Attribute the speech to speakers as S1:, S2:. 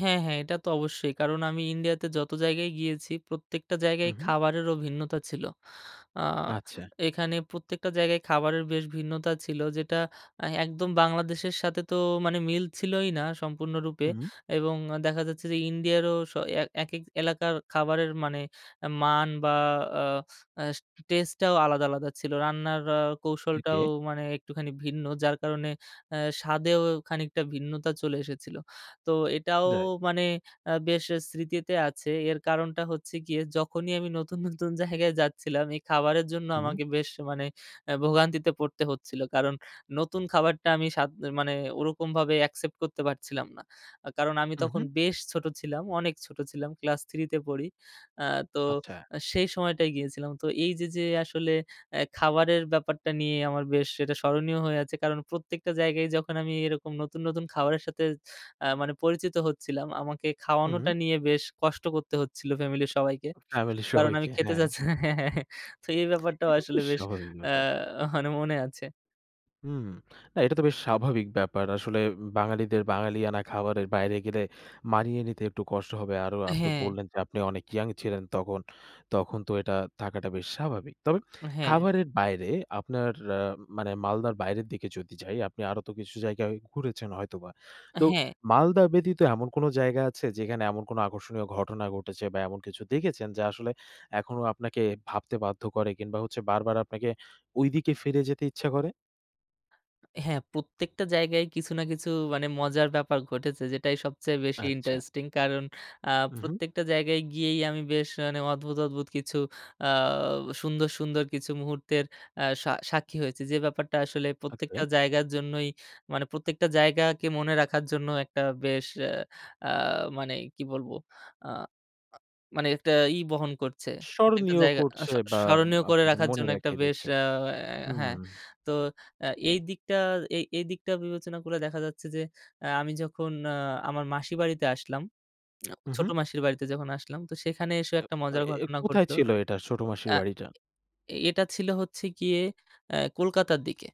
S1: হ্যাঁ, হ্যাঁ। এটা তো অবশ্যই। কারণ আমি ইন্ডিয়াতে যত জায়গায় গিয়েছি, প্রত্যেকটা
S2: হু,
S1: জায়গায়
S2: হু।
S1: খাবারেরও ভিন্নতা ছিল। আ
S2: আচ্ছা।
S1: এখানে প্রত্যেকটা জায়গায় খাবারের বেশ ভিন্নতা ছিল যেটা অ্যা একদম বাংলাদেশের সাথে তো মানে মিলছিলোই না সম্পূর্ণরূপে।
S2: হুম।
S1: এবং দেখা যাচ্ছে যে ইন্ডিয়ারও স এ একেক এলাকার খাবারের মানে মান বা আ অ্যা টেস্টটাও আলাদা, আলাদা ছিল। রান্নার আ কৌশলটাও
S2: ওকে।
S1: মানে একটুখানি ভিন্ন। যার কারণে অ্যা স্বাদেও খানিকটা ভিন্নতা চলে এসেছিল। তো এটাও
S2: রাইট।
S1: মানে আ বেশ স্মৃতিতে আছে। এর কারণটা হচ্ছে গিয়ে যখনই আমি নতুন, নতুন জায়গায় যাচ্ছিলাম, এই খাবারের জন্য
S2: হু।
S1: আমাকে বেশ মানে অ্যা ভোগান্তিতে পড়তে হচ্ছিল। কারণ নতুন খাবারটা আমি স্বাদ মানে ওরকমভাবে অ্যাকসেপ্ট করতে পারছিলাম না। আ কারণ আমি
S2: হু,
S1: তখন
S2: হু।
S1: বেশ ছোট ছিলাম, অনেক ছোট ছিলাম ক্লাস 3 তে পড়ি। আ তো
S2: আচ্ছা।
S1: অ্যা সেই সময়টায় গিয়েছিলাম। তো এই যে যে আসলে অ্যা খাবারের ব্যাপারটা নিয়ে আমার বেশ এটা স্মরণীয় হয়ে আছে। কারণ প্রত্যেকটা জায়গায় যখন আমি এরকম নতুন, নতুন খাবারের সাথে অ্যা মানে পরিচিত হচ্ছিলাম, আমাকে খাওয়ানোটা
S2: হুম।
S1: নিয়ে বেশ কষ্ট করতে হচ্ছিলো ফ্যামিলির সবাইকে।
S2: ফ্যামিলি
S1: কারণ আমি
S2: সবাইকে,
S1: খেতে
S2: হ্যাঁ।
S1: চাচ তো এই ব্যাপারটাও
S2: এটা
S1: আসলে
S2: বেশ
S1: বেশ
S2: স্বাভাবিক
S1: অ্যা
S2: ব্যাপার।
S1: মানে মনে আছে।
S2: হুম। না এটা তো বেশ স্বাভাবিক ব্যাপার। আসলে উম বাঙালিদের বাঙালিয়ানা খাবারের বাইরে গেলে মানিয়ে নিতে একটু কষ্ট হবে। আরো আপনি
S1: হ্যাঁ।
S2: বললেন যে আপনি অনেক ইয়ং ছিলেন তখন, তখন তো এটা থাকাটা বেশ স্বাভাবিক। তবে
S1: হ্যাঁ।
S2: খাবারের বাইরে আপনার অ্যা মানে মালদার বাইরের দিকে যদি যাই, আপনি আরো তো কিছু জায়গায় ঘুরেছেন হয়তোবা। তো
S1: হ্যাঁ।
S2: মালদা ব্যতীত এমন কোন জায়গা আছে যেখানে এমন কোনো আকর্ষণীয় ঘটনা ঘটেছে? বা এমন কিছু দেখেছেন যে আসলে এখনো আপনাকে ভাবতে বাধ্য করে কিংবা হচ্ছে বারবার আপনাকে ওইদিকে ফিরে যেতে ইচ্ছা করে?
S1: হ্যাঁ প্রত্যেকটা জায়গায়ই কিছু না কিছু মানে মজার ব্যাপার ঘটেছে যেটাই সবচেয়ে বেশি
S2: আচ্ছা।
S1: ইন্টারেস্টিং। কারণ আ
S2: উ হু।
S1: প্রত্যেকটা জায়গায় গিয়েই আমি বেশ মানে অদ্ভুত, অদ্ভুত কিছু আ সুন্দর, সুন্দর কিছু মুহূর্তের আ সা সাক্ষী হয়েছি। যে ব্যাপারটা আসলে প্রত্যেকটা
S2: ওকে।
S1: জায়গার জন্যই মানে প্রত্যেকটা জায়গাকে মনে রাখার জন্য একটা বেশ অ্যা আ মানে কি বলবো? আ আ মানে একটা ই বহন করছে। প্রত্যেকটা
S2: স্মরণীয়
S1: জায়গা আ
S2: করছে
S1: স
S2: বা
S1: স্মরণীয় করে
S2: আপনাকে
S1: রাখার
S2: মনে
S1: জন্য একটা
S2: রাখিয়ে
S1: বেশ
S2: দিচ্ছে।
S1: আ অ্যা
S2: হুম।
S1: হ্যাঁ। তো অ্যা এই দিকটা এ এই দিকটা বিবেচনা করে দেখা যাচ্ছে যে অ্যা আমি যখন অ্যা আমার মাসির বাড়িতে আসলাম,
S2: হু, হু।
S1: ছোট মাসির বাড়িতে যখন আসলাম। তো সেখানে এসেও
S2: অ্যা
S1: একটা
S2: অ
S1: মজার
S2: এ
S1: ঘটনা
S2: কোথায়
S1: ঘটলো।
S2: ছিল এটা? ছোট মাসির
S1: অ্যা
S2: বাড়িটা?
S1: এ এটা ছিল হচ্ছে গিয়ে অ্যা কলকাতার দিকে।